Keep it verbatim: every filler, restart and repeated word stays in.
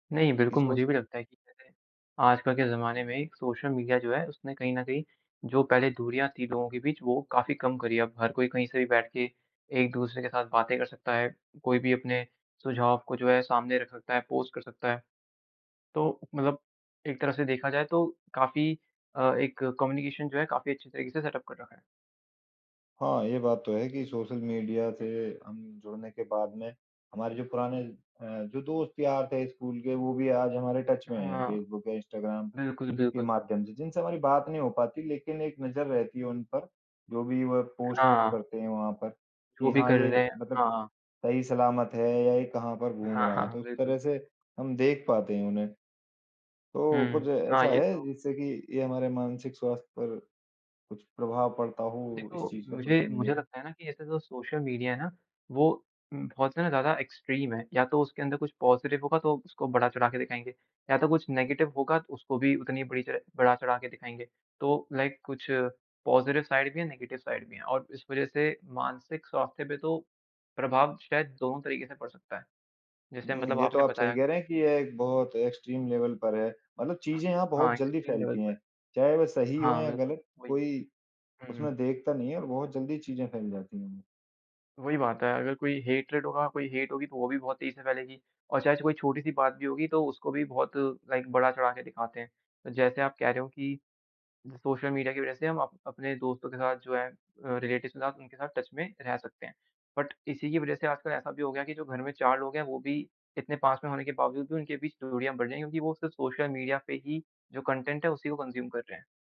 नहीं, बिल्कुल इस वो मुझे से भी लगता है कि [unintelligible] जैसे आजकल के ज़माने में एक सोशल मीडिया जो है, उसने कहीं न कहीं जो पहले दूरियाँ थी लोगों के बीच, वो काफ़ी कम करी है, अब हर कोई कहीं से भी बैठ के एक-दूसरे के साथ बातें कर सकता है। कोई भी अपने सुझाव को जो है, सामने रख सकता है, पोस्ट कर सकता है। तो मतलब एक तरह से देखा जाए तो काफ़ी अ, एक कम्युनिकेशन जो है काफ़ी अच्छे तरीक़े से सेट अप कर रखा है। हाँ, ये बात तो है कि सोशल मीडिया से हुँ। हम जुड़ने के बाद में, हमारे जो पुराने अ, जो दोस्त-यार थे स्कूल के, वो भी आज हमारे टच में हैं, हाँ। फ़ेसबुक या इंस्टाग्राम बिल्कुल, के बिल्कुल। माध्यम से, जिनसे हमारी बात नहीं हो पाती लेकिन एक नज़र रहती है उन पर। जो भी वह पोस्ट हाँ। करते हैं, वहाँ पर कि वो भी हाँ, कर रहे ये हैं। मतलब हाँ, हाँ। सही सलामत है या ये कहाँ पर घूम हाँ, रहा है। तो हाँ, उस बिल्कुल। तरह से हम देख पाते हैं उन्हें। तो हुँ। कुछ हाँ, ऐसा ये है तो जिससे कि ये हमारे मानसिक स्वास्थ्य पर कुछ प्रभाव पड़ता हो इस देखो चीज़ का, सोशल मुझे मीडिय मुझे का? लगता है ना कि ऐसे जो सोशल मीडिया है ना वो उम बहुत ज़्यादा एक्सट्रीम है। या तो उसके अंदर कुछ पॉजिटिव होगा तो उसको बढ़ा-चढ़ा के दिखाएँगे या तो कुछ नेगेटिव होगा तो उसको भी उतनी बुरी तरह बढ़ा-चढ़ाके दिखाएँगे। तो लाइक कुछ पॉजिटिव साइड भी है, नेगेटिव साइड भी हैं और इस वज़ह से मानसिक स्वास्थ्य पे तो, प्रभाव शायद दोनों तरीक़े से पड़ सकता है। जैसे मतलब हुँ, ये तो आपने आप सही बताया। कह रहे हैं कि ये एक बहुत एक्सट्रीम लेवल पर है। मतलब चीज़ें यहाँ हाँ बहुत जल्दी एक्सट्रीम लेवल फैलती पर। हैं। चाहे वह सही हों हाँ, या बिल्कुल ग़लत वही। कोई हुँ। उसमें देखता नहीं है और बहुत जल्दी चीज़ें फैल जाती हैं। वही बात है, अगर कोई हैट्रैड होगा, कोई हेट होगी तो वो भी बहुत तेज़ी से फैलेगी और चाहे कोई छोटी-सी बात भी होगी, तो उसको भी बहुत लाइक बढ़ा-चढ़ा के दिखाते हैं। जैसे आप कह रहे हो कि सोशल मीडिया की वज़ह से हम अप अपने दोस्तों के साथ जो है अ, रिलेटिवस के साथ उनके साथ टच में रह सकते हैं। बट इसी की वज़ह से आजकल ऐसा भी हो गया कि जो घर में चार लोग हैं, वो भी इतने पास में होने के बावजूद भी उनके बीच दूरियाँ बढ़ गई हैं क्योंकि वो सिर्फ सोशल मीडिया पे ही जो कंज्यूम है उसी को कंज्यूम कर रहे हैं।